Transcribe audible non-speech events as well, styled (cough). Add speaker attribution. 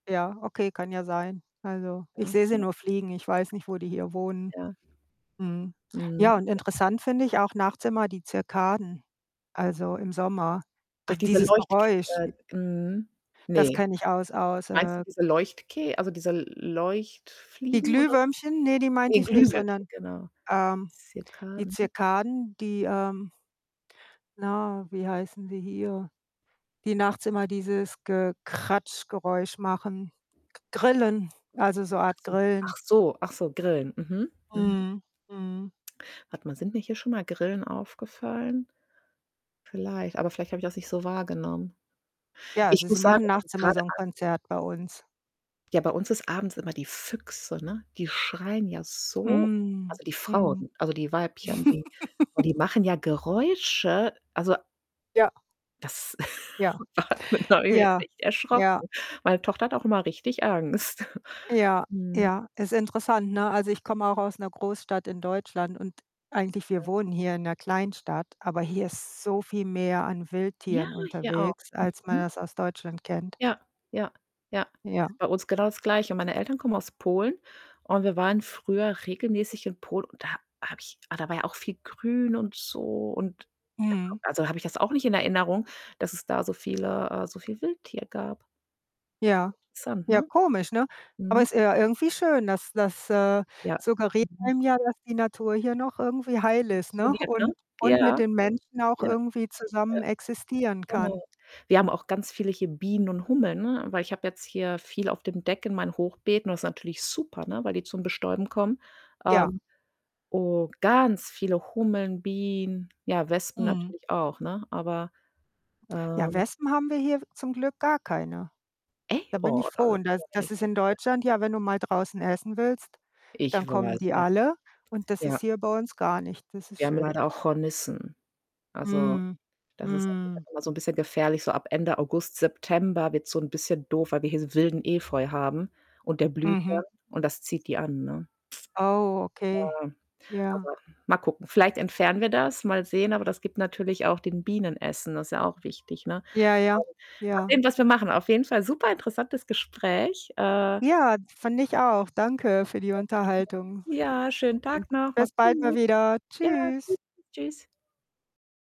Speaker 1: Ja, okay, kann ja sein. Also,
Speaker 2: Ja.
Speaker 1: ich sehe sie
Speaker 2: (unintelligible)
Speaker 1: nur fliegen. Ich weiß nicht, wo die hier wohnen.
Speaker 2: Ja.
Speaker 1: Mhm.
Speaker 2: Mhm.
Speaker 1: Ja, und
Speaker 2: Ja.
Speaker 1: interessant finde ich auch nachts immer die Zikaden, also, im Sommer.
Speaker 2: Ach,
Speaker 1: D
Speaker 2: diese
Speaker 1: dieses
Speaker 2: Leuchtk
Speaker 1: Geräusch j
Speaker 2: äh, mhm.
Speaker 1: Das
Speaker 2: Ne,
Speaker 1: kenne ich aus aus,
Speaker 2: meinst du,
Speaker 1: äh
Speaker 2: diese Leuchtke also, diese L
Speaker 1: Die
Speaker 2: Leuchtfliegen oder?
Speaker 1: Glühwürmchen? Ne, die meinte
Speaker 2: Ne,
Speaker 1: ich nicht,
Speaker 2: Glühwürmchen,
Speaker 1: sondern,
Speaker 2: genau.
Speaker 1: ähm, die
Speaker 2: Zikaden.
Speaker 1: Zikaden, die, ähm na, wie heißen die hier, die nachts immer dieses Gekratsch-Geräusch machen. G Grillen, also, so
Speaker 2: Ach
Speaker 1: Art
Speaker 2: so
Speaker 1: Grillen.
Speaker 2: ach so ach so Grillen, mhm mhm.
Speaker 1: Mhm, mhm.
Speaker 2: Warte mal, sind mir hier schon mal Grillen aufgefallen? Vielleicht, aber vielleicht habe ich das nicht so wahrgenommen.
Speaker 1: Ja,
Speaker 2: Ich
Speaker 1: also, sie
Speaker 2: muss sagen,
Speaker 1: machen
Speaker 2: also,
Speaker 1: nachts immer so
Speaker 2: grade
Speaker 1: 'n
Speaker 2: abends
Speaker 1: Konzert bei uns.
Speaker 2: Ja, bei uns ist abends immer die Füchse, ne, die schreien ja so
Speaker 1: Mhm,
Speaker 2: also, die
Speaker 1: mhm.
Speaker 2: Frauen also, die Weibchen, die oh, die
Speaker 1: (laughs)
Speaker 2: machen ja Geräusche. Also
Speaker 1: Ja.
Speaker 2: Das
Speaker 1: Ja,
Speaker 2: (chuckles) (unintelligible)
Speaker 1: ja,
Speaker 2: echt
Speaker 1: ja.
Speaker 2: erschrocken. Meine Tochter hat auch immer richtig Angst. (chuckles)
Speaker 1: Ja,
Speaker 2: Mhm.
Speaker 1: ja. Ist interessant, ne? Also, ich komme auch aus 'ner Großstadt in Deutschland und eigentlich wir
Speaker 2: Ja.
Speaker 1: wohnen hier in 'ner Kleinstadt, aber hier ist so viel mehr an
Speaker 2: Ja,
Speaker 1: Wildtieren
Speaker 2: hier auch.
Speaker 1: unterwegs, als man
Speaker 2: Mhm.
Speaker 1: das aus Deutschland kennt.
Speaker 2: Ja, ja, ja.
Speaker 1: Ja.
Speaker 2: Ist bei uns genau das Gleiche. Meine Eltern kommen aus Polen und wir waren früher regelmäßig in Polen und da ha habe ich ah, da war ja auch viel grün und so und
Speaker 1: Mhm.
Speaker 2: (unintelligible) also, habe ich das auch nicht in Erinnerung, dass es da so viele äh, so viel Wildtier gab.
Speaker 1: Ja.
Speaker 2: Interessant,
Speaker 1: Ja,
Speaker 2: ne?
Speaker 1: komisch, ne? Aber
Speaker 2: Mhm.
Speaker 1: ist ja irgendwie schön, das das, äh,
Speaker 2: Ja.
Speaker 1: suggeriert
Speaker 2: Mhm.
Speaker 1: einem ja, dass die Natur hier noch irgendwie heil ist, ne,
Speaker 2: Funktioniert, ne?
Speaker 1: und
Speaker 2: Ja,
Speaker 1: und mit
Speaker 2: ja,
Speaker 1: den Menschen auch
Speaker 2: ja,
Speaker 1: irgendwie
Speaker 2: ja,
Speaker 1: zusammen existieren
Speaker 2: genau.
Speaker 1: kann.
Speaker 2: Wir haben auch ganz viele hier Bienen und Hummeln, ne, weil ich habe jetzt hier viel auf dem Deck in meinen Hochbeeten. Das ist natürlich super, ne, weil die zum Bestäuben kommen.
Speaker 1: Ja.
Speaker 2: Ähm, oh, ganz viele Hummeln, Bienen, ja Wespen
Speaker 1: Mhm.
Speaker 2: natürlich auch, ne, aber,
Speaker 1: Ja,
Speaker 2: ähm
Speaker 1: Wespen haben wir hier w zum Glück gar keine. Da bin ich froh und das das ist in
Speaker 2: (unintelligible)
Speaker 1: Deutschland ja, wenn du mal draußen essen willst, dann
Speaker 2: Ich
Speaker 1: kommen
Speaker 2: weiß,
Speaker 1: die
Speaker 2: ja,
Speaker 1: alle und das
Speaker 2: ja.
Speaker 1: ist hier bei uns gar nicht. Das ist
Speaker 2: Wir haben
Speaker 1: schön.
Speaker 2: leider auch Hornissen. Also,
Speaker 1: Mhm,
Speaker 2: das ist (unintelligible)
Speaker 1: mhm.
Speaker 2: immer so 'n bisschen gefährlich. So ab Ende August, September wird's so 'n bisschen doof, weil wir hier so wilden Efeu haben und der blüht
Speaker 1: Mhm.
Speaker 2: dann und das zieht die an, ne?
Speaker 1: Oh, okay.
Speaker 2: Ja,
Speaker 1: Ja.
Speaker 2: aber, mal gucken. Vielleicht entfernen wir das, mal sehen, aber das gibt natürlich auch den Bienen Essen, das ist ja auch wichtig, ne?
Speaker 1: Ja, ja.
Speaker 2: (unintelligible) mal
Speaker 1: Ja.
Speaker 2: sehen, was wir machen, auf jeden Fall superinteressantes Gespräch, äh
Speaker 1: Ja, fand ich auch. Danke für die
Speaker 2: (unintelligible)
Speaker 1: Unterhaltung,
Speaker 2: Ja, schönen Tag
Speaker 1: (unintelligible)
Speaker 2: noch, mach's
Speaker 1: bis bald mal
Speaker 2: gut.
Speaker 1: wieder.
Speaker 2: Ja,
Speaker 1: Tschüss.
Speaker 2: tschüss tschüss.